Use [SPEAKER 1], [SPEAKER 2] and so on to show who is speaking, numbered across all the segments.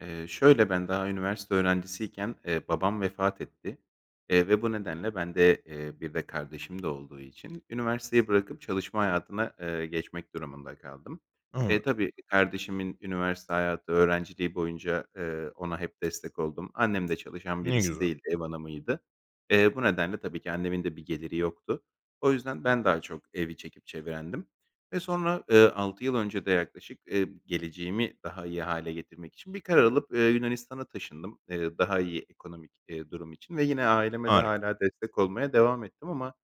[SPEAKER 1] Eee, şöyle ben daha üniversite öğrencisiyken, eee, babam vefat etti, eee, ve bu nedenle bende, eee, bir de kardeşim de olduğu için üniversiteyi bırakıp çalışma hayatına, eee, geçmek durumunda kaldım. E,
[SPEAKER 2] [unintelligible]
[SPEAKER 1] tabii kardeşimin üniversite hayatı, öğrenciliği boyunca, eee, ona hep destek oldum. Annem de çalışan
[SPEAKER 2] Ne
[SPEAKER 1] birisi
[SPEAKER 2] güzel.
[SPEAKER 1] değildi, ev hanımıydı. Eee, bu nedenle tabii ki annemin de bir geliri yoktu. O yüzden ben daha çok evi çekip çevirendim. Ve sonra, ııı, 6 yıl önce de yaklaşık, eee, geleceğimi daha iyi hâle getirmek için bir karar alıp, eee, Yunanistan'a taşındım, eee, daha iyi ekonomik, eee, durum için ve yine aileme de
[SPEAKER 2] Harika.
[SPEAKER 1] hâlâ destek olmaya devam ettim ama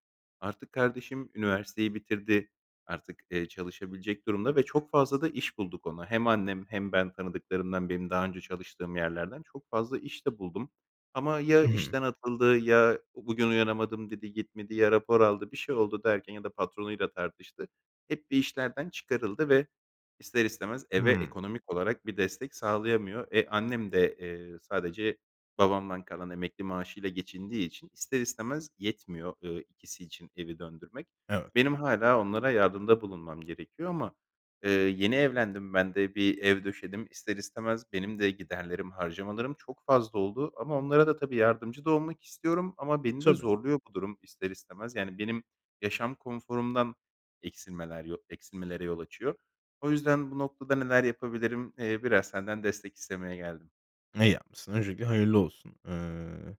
[SPEAKER 1] artık kardeşim üniversiteyi bitirdi. Artık, eee, çalışabilecek durumda ve çok fazla da iş bulduk ona. Hem annem hem ben tanıdıklarımdan, birinin daha önce çalıştığım yerlerden çok fazla iş de buldum ama ya
[SPEAKER 2] Hı hı.
[SPEAKER 1] işten atıldı ya bugün uyanamadım dedi, gitmedi ya rapor aldı, bir şey oldu derken ya da patronuyla tartıştı. Hep bir işlerden çıkarıldı ve ister istemez eve
[SPEAKER 2] Hıı.
[SPEAKER 1] ekonomik olarak bir destek sağlayamıyor. E, annem de, eee, sadece babamdan kalan emekli maaşıyla geçindiği için ister istemez yetmiyor, eee, ikisi için evi döndürmek.
[SPEAKER 2] Evet.
[SPEAKER 1] Benim hâlâ onlara yardımda bulunmam gerekiyor ama, eee, yeni evlendim, ben de bir ev döşedim, ister istemez benim de giderlerim, harcamalarım çok fazla oldu ama onlara da tabii yardımcı da olmak istiyorum ama beni de
[SPEAKER 2] Tabii.
[SPEAKER 1] zorluyor bu durum, ister istemez. Yani benim yaşam konforumdan eksilmeler yo eksilmelere yol açıyor. O yüzden bu noktada neler yapabilirim? Eee, biraz senden destek istemeye geldim.
[SPEAKER 2] Ne yapmışsın? Öncelikle hayırlı olsun, ııı,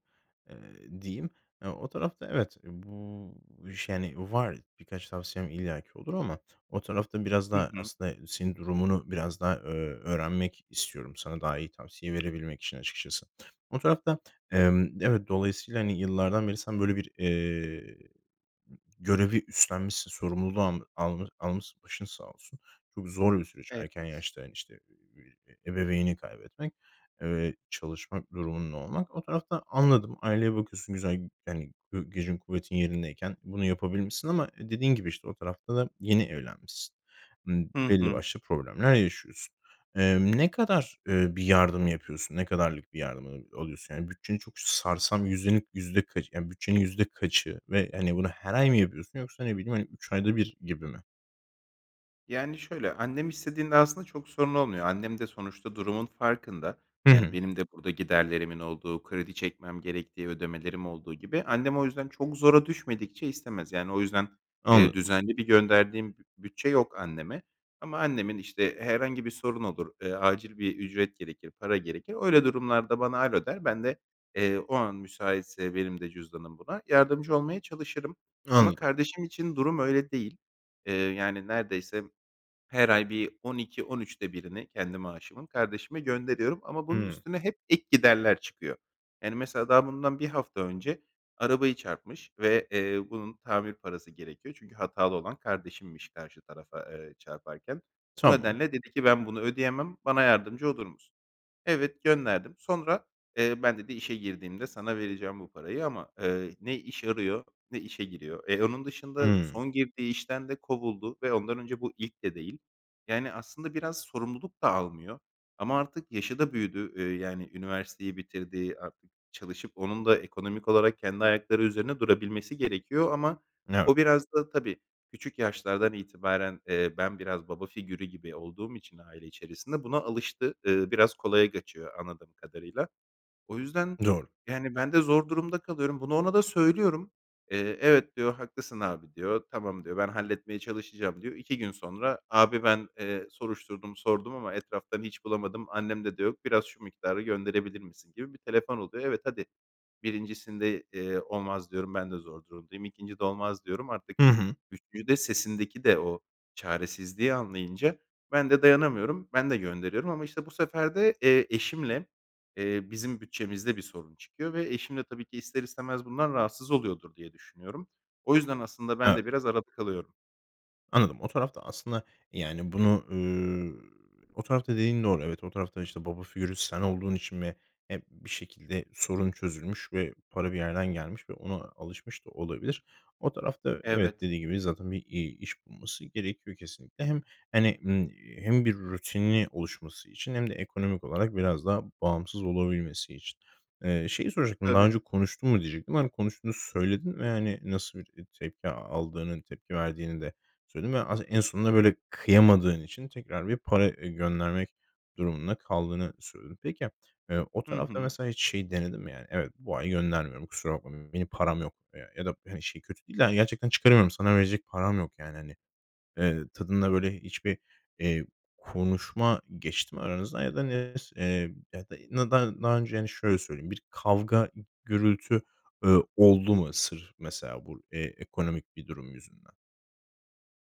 [SPEAKER 2] eee, diyeyim. Eee, o tarafta evet. Eee, bu iş yani var. Birkaç tavsiyem illa ki olur ama o tarafta biraz
[SPEAKER 1] Hı
[SPEAKER 2] daha
[SPEAKER 1] hı.
[SPEAKER 2] aslında senin durumunu biraz daha, ö öğrenmek istiyorum sana daha iyi tavsiye verebilmek için açıkçası. O tarafta, emm, evet, dolayısıyla, hani, yıllardan beri sen böyle bir, eee, görevi üstlenmişsin, sorumluluğu al al almışsın, başın sağ olsun. Çok zor bir süreç,
[SPEAKER 1] Evet.
[SPEAKER 2] erken yaşta, hani, işte, eee, ebeveynini kaybetmek, eee, çalışmak durumunda olmak. O tarafta anladım, aileye bakıyorsun, güzel, yani, gü gücün kuvvetin yerindeyken bunu yapabilmişsin ama dediğin gibi, işte, o tarafta da yeni evlenmişsin. Imm,
[SPEAKER 1] Hı
[SPEAKER 2] belli
[SPEAKER 1] hı.
[SPEAKER 2] başlı problemler yaşıyorsun. Eee, ne kadar, eee, bir yardım yapıyorsun, ne kadarlık bir yardım, aaa, alıyorsun? Yani bütçeni çok sarsan yüzdelik yüzde kaçı, yani bütçenin yüzde kaçı ve, hani, bunu her ay mı yapıyorsun yoksa ne bileyim, hani, 3 ayda 1 gibi mi?
[SPEAKER 1] Yani, şöyle, annem istediğinde aslında çok sorun olmuyor, annem de sonuçta durumun farkında.
[SPEAKER 2] Hı
[SPEAKER 1] Yani
[SPEAKER 2] hı.
[SPEAKER 1] benim de burada giderlerimin olduğu, kredi çekmem gerektiği, ödemelerim olduğu gibi. Annem o yüzden çok zora düşmedikçe istemez. Yani o yüzden, eee,
[SPEAKER 2] Anladım.
[SPEAKER 1] düzenli bir gönderdiğim b bütçe yok anneme ama annemin, işte, herhangi bir sorun olur, eee, acil bir ücret gerekir, para gerekir. Öyle durumlarda bana "alo" der, ben de, eee, o an müsaitse benim de cüzdanım buna yardımcı olmaya çalışırım ama
[SPEAKER 2] Anladım.
[SPEAKER 1] kardeşim için durum öyle değil. Eee, yani neredeyse her ay bir 12-13'te 1'ni kendi maaşımın kardeşime gönderiyorum ama bunun
[SPEAKER 2] Hıı.
[SPEAKER 1] üstüne hep ek giderler çıkıyor. Yani mesela daha bundan 1 hafta önce arabayı çarpmış ve, eee, bunun tamir parası gerekiyor. Çünkü hatalı olan kardeşimmiş karşı tarafa, eee, çarparken. Bu
[SPEAKER 2] Tamam.
[SPEAKER 1] nedenle dedi ki ben bunu ödeyemem, bana yardımcı olur musun? Evet, gönderdim. Sonra, eee, ben dedi işe girdiğimde sana vereceğim bu parayı ama, ııı, ne iş arıyor ne işe giriyor. Eee, onun dışında
[SPEAKER 2] Hımm.
[SPEAKER 1] son girdiği işten de kovuldu ve ondan önce bu ilk de değil. Yani aslında biraz sorumluluk da almıyor ama artık yaşı da büyüdü, eee, yani üniversiteyi bitirdi. Artık çalışıp onun da ekonomik olarak kendi ayakları üzerinde durabilmesi gerekiyor ama
[SPEAKER 2] Evet.
[SPEAKER 1] o biraz da tabii küçük yaşlardan itibaren, eee, ben biraz baba figürü gibi olduğum için aile içerisinde buna alıştı. Iıı, biraz kolaya kaçıyor anladığım kadarıyla. O yüzden
[SPEAKER 2] Doğru.
[SPEAKER 1] yani ben de zor durumda kalıyorum. Bunu ona da söylüyorum. Eee, "evet" diyor, "haklısın abi" diyor. "Tamam" diyor, "ben halletmeye çalışacağım" diyor. 2 gün sonra abi "ben, eee, soruşturdum, sordum ama etraftan hiç bulamadım. Annemde de yok. Biraz şu miktarı gönderebilir misin" gibi bir telefon oluyor. Evet, hadi 1'incisinde, eee, "olmaz" diyorum "ben de zor durumdayım". 2'ncide "olmaz" diyorum. Artık
[SPEAKER 2] Hı hı.
[SPEAKER 1] 3'üncüde sesindeki de o çaresizliği anlayınca ben de dayanamıyorum, ben de gönderiyorum ama işte bu sefer de, eee, eşimle, eee, bizim bütçemizde bir sorun çıkıyor ve eşim de tabii ki ister istemez bundan rahatsız oluyordur diye düşünüyorum. O yüzden aslında ben
[SPEAKER 2] Evet.
[SPEAKER 1] de biraz arada kalıyorum.
[SPEAKER 2] Anladım, o tarafta aslında, yani, bunu, eee o tarafta dediğin doğru. Evet, o tarafta, işte, baba figürü sen olduğun için mi hep bir şekilde sorun çözülmüş ve para bir yerden gelmiş ve ona alışmış da olabilir. O tarafta evet,
[SPEAKER 1] Evet.
[SPEAKER 2] dediğin gibi zaten bir, iii, iş bulması gerekiyor kesinlikle. Hem, hani, ımm, eee, hem bir rutini oluşması için hem de ekonomik olarak biraz daha bağımsız olabilmesi için. Eee, şeyi soracaktım daha
[SPEAKER 1] Tabii.
[SPEAKER 2] önce konuştun mu diyecektim. Hani, konuştuğunu söyledin ve, hani, nasıl bir, eee, tepki aldığının, tepki verdiğini de söyledin ve as en sonunda, böyle, kıyamadığın için tekrar bir para, eee, göndermek durumunda kaldığını söyledin. Peki, eee, o
[SPEAKER 1] Hı
[SPEAKER 2] tarafta
[SPEAKER 1] hı.
[SPEAKER 2] mesela hiç şeyi denedin mi, yani, "Evet, bu ay göndermiyorum, kusura bakma, benim param yok." eee, ya da, hani, şey kötü değil de, hani, "Gerçekten çıkaramıyorum, sana verecek param yok." yani, hani, eee, tadında böyle hiçbir, eee, konuşma geçti mi aranızda? Ya da [unintelligible] eee, ya da nada daha önce Yani, şöyle söyleyeyim, bir kavga, gürültü, eee, oldu mu sırf mesela bu, eee, ekonomik bir durum yüzünden?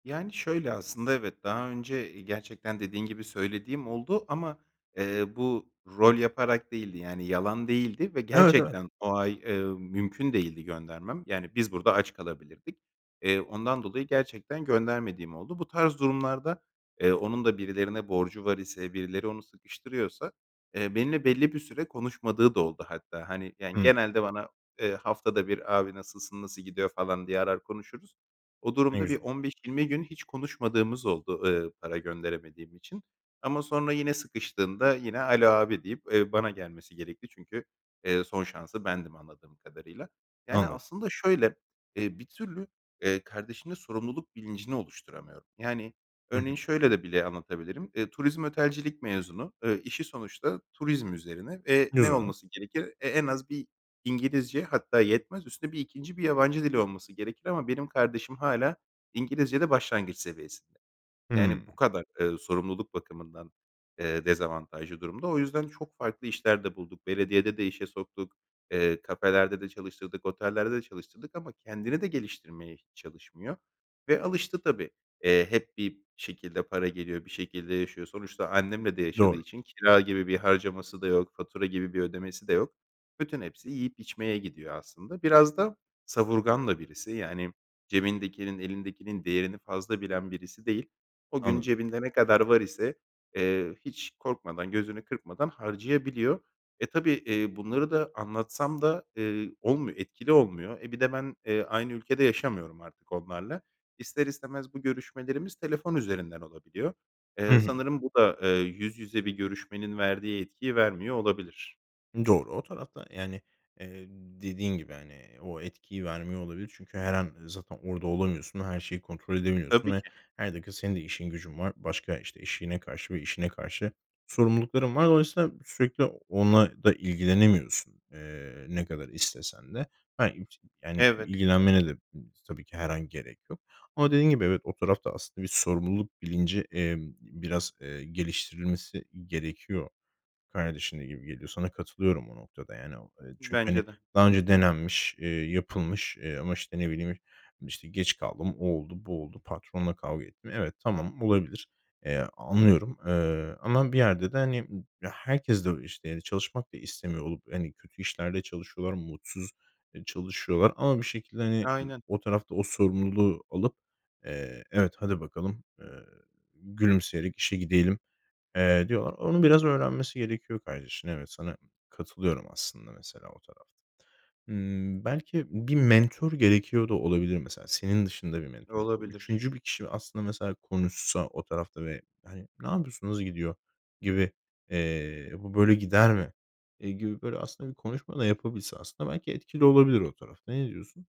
[SPEAKER 1] Yani, şöyle aslında, evet, daha önce, eee, gerçekten dediğin gibi söylediğim oldu ama, eee, bu rol yaparak değildi yani yalan değildi ve
[SPEAKER 2] Evet, evet.
[SPEAKER 1] gerçekten o ay, ımm, mümkün değildi göndermem yani biz burada aç kalabilirdik. Eee, ondan dolayı gerçekten göndermediğim oldu. Bu tarz durumlarda, eee, onun da birilerine borcu var ise, birileri onu sıkıştırıyorsa, eee, benimle belli bir süre konuşmadığı da oldu hatta. Hani, yani,
[SPEAKER 2] Hımm.
[SPEAKER 1] genelde bana, eee, haftada 1 "Abi, nasılsın, nasıl gidiyor?" falan diye arar, konuşuruz. O
[SPEAKER 2] Ne
[SPEAKER 1] durumda bir
[SPEAKER 2] güzel.
[SPEAKER 1] 15-20 gün hiç konuşmadığımız oldu, eee, para gönderemediğim için. Ama sonra yine sıkıştığında yine, "alo, abi" deyip, eee, bana gelmesi gerekti çünkü, eee, son şansı bendim anladığım kadarıyla. Yani,
[SPEAKER 2] Anladım.
[SPEAKER 1] aslında şöyle, eee, bir türlü, eee, kardeşimde sorumluluk bilincini oluşturamıyorum. Yani,
[SPEAKER 2] Hı
[SPEAKER 1] örneğin
[SPEAKER 2] hı.
[SPEAKER 1] şöyle de bile anlatabilirim, eee, turizm otelcilik mezunu. Eee, işi sonuçta turizm üzerine ve ne
[SPEAKER 2] Güzel.
[SPEAKER 1] olması gerekir? E, en az bir İngilizce hatta yetmez, üstüne bir 2'nci bir yabancı dili olması gerekir ama benim kardeşim hâlâ İngilizcede başlangıç seviyesinde. Yani
[SPEAKER 2] Hımm.
[SPEAKER 1] bu kadar, eee, sorumluluk bakımından, eee, dezavantajlı durumda. O yüzden çok farklı işler de bulduk. Belediyede de işe soktuk, eee, kafelerde de çalıştırdık, otellerde de çalıştırdık ama kendini de geliştirmeye hiç çalışmıyor ve alıştı tabii. Eee, hep bir şekilde para geliyor, bir şekilde yaşıyor. Sonuçta annemle de yaşadığı
[SPEAKER 2] Doğru.
[SPEAKER 1] için kira gibi bir harcaması da yok, fatura gibi bir ödemesi de yok. Bütün hepsi yiyip içmeye gidiyor aslında. Biraz da savurgan da birisi yani cebindekinin, elindekinin değerini fazla bilen birisi değil. O gün
[SPEAKER 2] Anladım.
[SPEAKER 1] cebinde ne kadar var ise, eee, hiç korkmadan, gözünü kırpmadan harcayabiliyor. E, tabii, eee, bunları da anlatsam da, eee, olmuyor etkili olmuyor. E, bir de ben, eee, aynı ülkede yaşamıyorum artık onlarla. İster istemez bu görüşmelerimiz telefon üzerinden olabiliyor.
[SPEAKER 2] Hı
[SPEAKER 1] Eee,
[SPEAKER 2] hı.
[SPEAKER 1] sanırım bu da, eee, yüz yüze bir görüşmenin verdiği etkiyi vermiyor olabilir.
[SPEAKER 2] Doğru. O tarafta, yani, eee, dediğin gibi, hani, eee, o etkiyi vermiyor olabilir. Çünkü her an zaten orada olamıyorsun. Her şeyi kontrol edemiyorsun
[SPEAKER 1] Tabii
[SPEAKER 2] ve
[SPEAKER 1] ki.
[SPEAKER 2] her dakika senin de işin gücün var. Başka işte, eşine karşı ve işine karşı sorumlulukların var. Dolayısıyla sürekli onunla da ilgilenemiyorsun, eee, ne kadar istesen de. Ha, [unintelligible] yani
[SPEAKER 1] Evet.
[SPEAKER 2] ilgilenmene de tabii ki her an gerek yok ama dediğin gibi evet o tarafta aslında bir sorumluluk bilinci, eee, biraz, eee, geliştirilmesi gerekiyor. Kardeşin de gibi geliyor. Sana katılıyorum bu noktada. Yani, o, eee, çünkü, hani,
[SPEAKER 1] Bence de.
[SPEAKER 2] daha önce denenmiş, eee, yapılmış, eee, ama, işte, ne bileyim, işte, geç kaldım, o oldu, bu oldu, patronla kavga ettim. Evet, tamam olabilir. Eee, anlıyorum, eee, ama bir yerde de, hani, ım herkes de o işte de çalışmak da istemiyor olup, hani, kötü işlerde çalışıyorlar, mutsuz, eee, çalışıyorlar ama bir şekilde, hani, ı
[SPEAKER 1] Aynen.
[SPEAKER 2] o tarafta o sorumluluğu alıp, eee, evet hadi bakalım, eee, gülümseyerek işe gidelim, eee, diyorlar. Onu biraz öğrenmesi gerekiyor kardeşinin. Evet, sana katılıyorum aslında mesela o tarafta. Hımm, belki bir mentor gerekiyor da olabilir mesela senin dışında bir mentor bu.
[SPEAKER 1] Olabilir.
[SPEAKER 2] 3'üncü bir kişi aslında mesela konuşsa o tarafta ve, hani, "Ne yapıyorsun, nasıl gidiyor?" gibi, eee, "Bu böyle gider mi?" eee, gibi böyle aslında bir konuşma da yapabilse aslında belki etkili olabilir o tarafta. Ne diyorsun?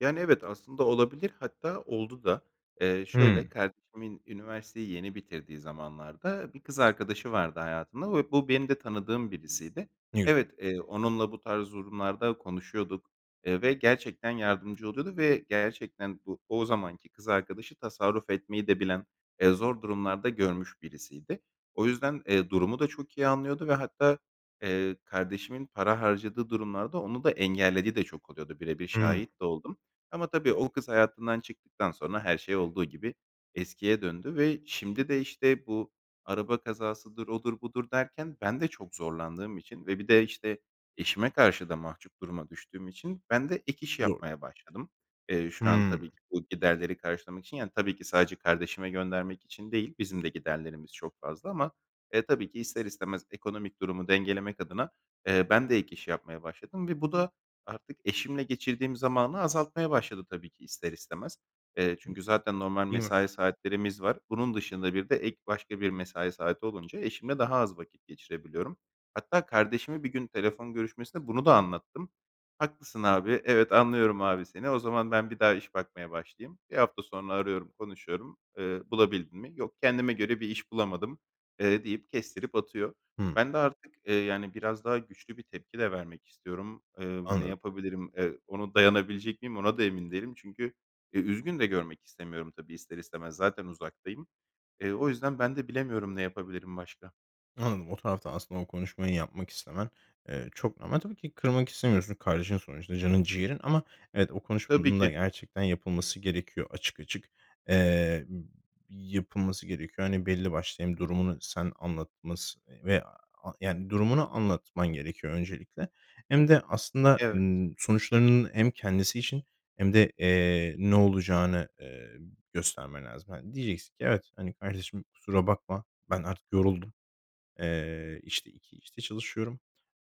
[SPEAKER 1] Yani, evet, aslında olabilir, hatta oldu da. Eee, şöyle,
[SPEAKER 2] Hımm.
[SPEAKER 1] kardeşimin üniversiteyi yeni bitirdiği zamanlarda bir kız arkadaşı vardı hayatında ve bu benim de tanıdığım birisiydi.
[SPEAKER 2] [unintelligible]
[SPEAKER 1] Evet, eee, onunla bu tarz durumlarda konuşuyorduk, eee, ve gerçekten yardımcı oluyordu ve gerçekten bu o zamanki kız arkadaşı tasarruf etmeyi de bilen, eee, zor durumlar da görmüş birisiydi. O yüzden, eee, durumu da çok iyi anlıyordu ve hatta, eee, kardeşimin para harcadığı durumlarda onu da engellediği de çok oluyordu, bire bir
[SPEAKER 2] Hımm.
[SPEAKER 1] şahit de oldum. Ama tabii o kız hayatından çıktıktan sonra her şey olduğu gibi eskiye döndü ve şimdi de, işte, bu araba kazasıdır, odur, budur derken ben de çok zorlandığım için ve bir de, işte, eşime karşı da mahcup duruma düştüğüm için bende ek iş
[SPEAKER 2] Doğru.
[SPEAKER 1] yapmaya başladım, eee, şu an tabii
[SPEAKER 2] Hımm.
[SPEAKER 1] ki bu giderleri karşılamak için yani tabii ki sadece kardeşime göndermek için değil, bizim de giderlerimiz çok fazla ama, eee, tabii ki ister istemez ekonomik durumu dengelemek adına, eee, ben de ek iş yapmaya başladım ve bu da artık eşimle geçirdiğim zamanı azaltmaya başladı tabii ki ister istemez. Eee, çünkü zaten normal
[SPEAKER 2] Değil mi?
[SPEAKER 1] mesai saatlerimiz var. Bunun dışında bir de ek başka bir mesai saati olunca eşimle daha az vakit geçirebiliyorum. Hatta kardeşime bir gün telefon görüşmesinde bunu da anlattım. "Haklısın abi. Evet, anlıyorum abi seni. O zaman ben bir daha iş bakmaya başlayayım." 1 hafta sonra arıyorum, konuşuyorum. Eee, "Bulabildin mi?" "Yok, kendime göre bir iş bulamadım." eee, deyip kestirip atıyor.
[SPEAKER 2] Hımm.
[SPEAKER 1] Ben de artık, eee, yani, biraz daha güçlü bir tepki de vermek istiyorum. Eee, ne
[SPEAKER 2] Anladım.
[SPEAKER 1] yapabilirim, eee, ona dayanabilecek miyim, ona da emin değilim. Çünkü, e, üzgün de görmek istemiyorum tabii ister istemez, zaten uzaktayım. Eee, o yüzden ben de bilemiyorum ne yapabilirim başka.
[SPEAKER 2] Anladım. O tarafta aslında o konuşmayı yapmak istemen, eee, çok normal. Tabii ki kırmak istemiyorsun. Kardeşin sonuçta canın ciğerin ama evet, o
[SPEAKER 1] Tabii
[SPEAKER 2] konuşmanın da
[SPEAKER 1] ki.
[SPEAKER 2] gerçekten yapılması gerekiyor. Açık açık, eee, yapılması gerekiyor. Hani, belli başlı hem durumunu sen anlatması veya yani, durumunu anlatman gerekiyor öncelikle hem de aslında,
[SPEAKER 1] Evet.
[SPEAKER 2] ımm, sonuçlarının hem kendisi için hem de, eee, ne olacağını, eee, göstermen lazım. Hani, diyeceksin ki: "Evet, hani, kardeşim kusura bakma. Ben artık yoruldum. Eee, işte, 2 işte çalışıyorum,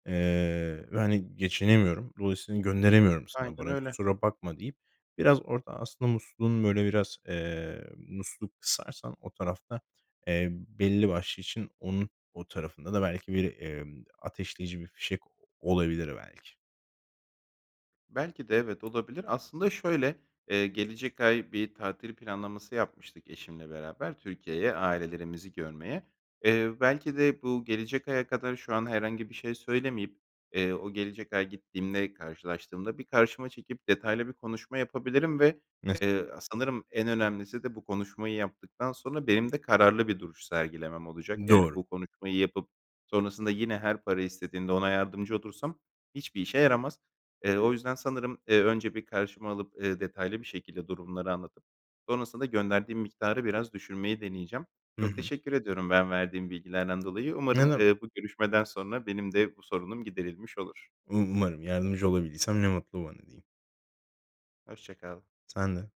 [SPEAKER 2] eee, ve, hani, geçinemiyorum. Dolayısıyla gönderemiyorum sana
[SPEAKER 1] Aynen
[SPEAKER 2] para.
[SPEAKER 1] öyle.
[SPEAKER 2] Kusura bakma." deyip biraz orada aslında musluğun, böyle, biraz eee, musluğu kısarsan o tarafta, eee, belli başlı için onun o tarafında da belki bir, emm, ateşleyici bir fişek olabilir belki.
[SPEAKER 1] Belki de evet, olabilir. Aslında şöyle, eee, gelecek ay bir tatil planlaması yapmıştık eşimle beraber Türkiye'ye ailelerimizi görmeye. Eee, belki de bu gelecek aya kadar şu an herhangi bir şey söylemeyip, eee, o gelecek ay gittiğimde karşılaştığımda bir karşıma çekip detaylı bir konuşma yapabilirim ve,
[SPEAKER 2] Mesela.
[SPEAKER 1] eee, sanırım en önemlisi de bu konuşmayı yaptıktan sonra benim de kararlı bir duruş sergilemem olacak. Yani
[SPEAKER 2] Doğru.
[SPEAKER 1] bu konuşmayı yapıp sonrasında yine her para istediğinde ona yardımcı olursam hiçbir işe yaramaz. Eee, o yüzden sanırım, eee, önce bir karşıma alıp, eee, detaylı bir şekilde durumları anlatıp sonrasında gönderdiğim miktarı biraz düşürmeyi deneyeceğim.
[SPEAKER 2] Hı
[SPEAKER 1] Çok
[SPEAKER 2] hı.
[SPEAKER 1] teşekkür ediyorum ben verdiğin bilgilerden dolayı.
[SPEAKER 2] Ne
[SPEAKER 1] Umarım,
[SPEAKER 2] demek.
[SPEAKER 1] eee, bu görüşmeden sonra benim de bu sorunum giderilmiş olur.
[SPEAKER 2] U umarım. Yardımcı olabildiysem ne mutlu bana diyeyim.
[SPEAKER 1] Hoşça kal.
[SPEAKER 2] Sen de.